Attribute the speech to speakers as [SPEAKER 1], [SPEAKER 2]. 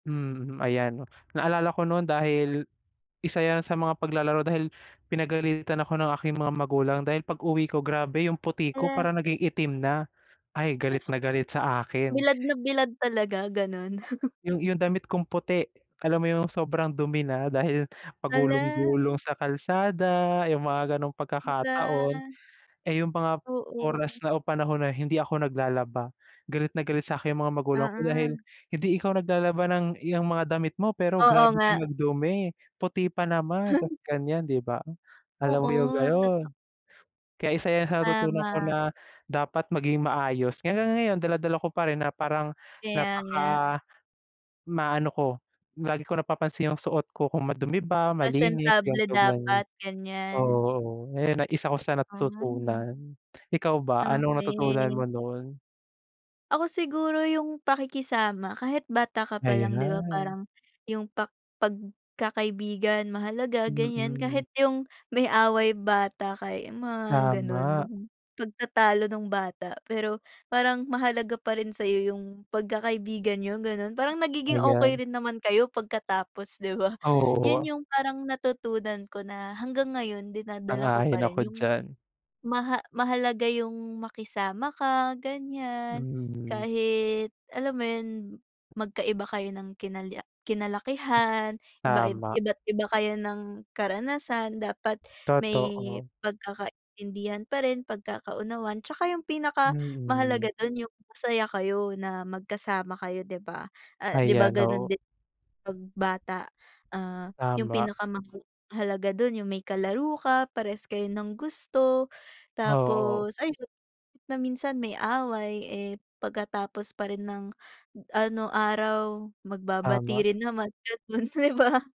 [SPEAKER 1] Mm, ayan naalala ko no'n dahil isa 'yan sa mga paglalaro, dahil pinagalitan ako ng aking mga magulang dahil pag-uwi ko grabe yung puti ko
[SPEAKER 2] Hala.
[SPEAKER 1] parang naging itim na. Ay, galit na galit sa akin.
[SPEAKER 2] Bilad na bilad talaga gano'n.
[SPEAKER 1] Yung yung damit kong puti alam mo yung sobrang dumi na dahil
[SPEAKER 2] Hala!
[SPEAKER 1] pagulong-gulong sa kalsada yung mga gano'ng pagkakataon.
[SPEAKER 2] Hala.
[SPEAKER 1] Eh, yung mga
[SPEAKER 2] Oo.
[SPEAKER 1] oras na o panahon na hindi ako naglalaba, galit na galit sa'kin yung mga magulang ko dahil,
[SPEAKER 2] Mm.
[SPEAKER 1] "Hindi ikaw naglalaba ng 'yang mga damit mo pero
[SPEAKER 2] Oo,
[SPEAKER 1] grabe ka
[SPEAKER 2] nga.
[SPEAKER 1] magdumi puti pa naman tapos gan'yan," diba, alam mo yung
[SPEAKER 2] Oo, totoo.
[SPEAKER 1] gano'n. Kaya isa sa natutunan ko
[SPEAKER 2] Tama.
[SPEAKER 1] na dapat maging maayos kaya hanggang ngayon dala-dala ko parin na parang
[SPEAKER 2] Kaya nga.
[SPEAKER 1] napaka maano ko lagi ko napapansin yung suot ko kung madumi ba, malinis
[SPEAKER 2] Presentable
[SPEAKER 1] ganito gano'n.
[SPEAKER 2] dapat gan'yan.
[SPEAKER 1] Oo, eh, na isa ko sa
[SPEAKER 2] Hmm.
[SPEAKER 1] natutunan, ikaw ba anong natutunan
[SPEAKER 2] Okey.
[SPEAKER 1] mo no'n?
[SPEAKER 2] Ako siguro yung pakikisama kahit bata ka pa lang 'di ba
[SPEAKER 1] Ayan.
[SPEAKER 2] parang yung pak pagkakaibigan mahalaga gan'yan
[SPEAKER 1] Mm.
[SPEAKER 2] kahit yung may away bata kay mga gano'n.
[SPEAKER 1] Tama.
[SPEAKER 2] Pagtatalo nung bata pero parang mahalaga pa rin sa'yo yung pagkakaibigan niyo gano'n, parang nagiging okey
[SPEAKER 1] Ayan.
[SPEAKER 2] rin naman kayo pagkatapos, 'di ba? 'Yon
[SPEAKER 1] Oo.
[SPEAKER 2] yung parang natutunan ko na hanggang ngayon dinadala ko
[SPEAKER 1] Sang-ayon
[SPEAKER 2] pa rin
[SPEAKER 1] ako
[SPEAKER 2] yung
[SPEAKER 1] diyan.
[SPEAKER 2] maha mahalaga yung makisama ka gan'yan,
[SPEAKER 1] Mm.
[SPEAKER 2] kahit alam mo 'yon, magkaiba kayo ng kinal kinalakihan, iba
[SPEAKER 1] Tama.
[SPEAKER 2] iba't iba kayo ng karanasan, dapat may
[SPEAKER 1] Totoo.
[SPEAKER 2] pagkakaintindihan pa rin pagkakaunawan tsaka yung pinakamahalaga
[SPEAKER 1] Mm.
[SPEAKER 2] dun yung masaya kayo na magkasama kayo, 'di ba? Ah, 'di
[SPEAKER 1] Ay,
[SPEAKER 2] ba gano'n
[SPEAKER 1] ano.
[SPEAKER 2] din pag bata, ah, yung
[SPEAKER 1] Tama.
[SPEAKER 2] pinakamahalaga do'n yung may kalaro ka, parehas kayo ng gusto
[SPEAKER 1] Oo, oo.
[SPEAKER 2] tapos ayun na minsan may away, eh, pagkatapos pa rin ng ano, araw
[SPEAKER 1] Tama.
[SPEAKER 2] magbabati rin naman gano'n 'di ba?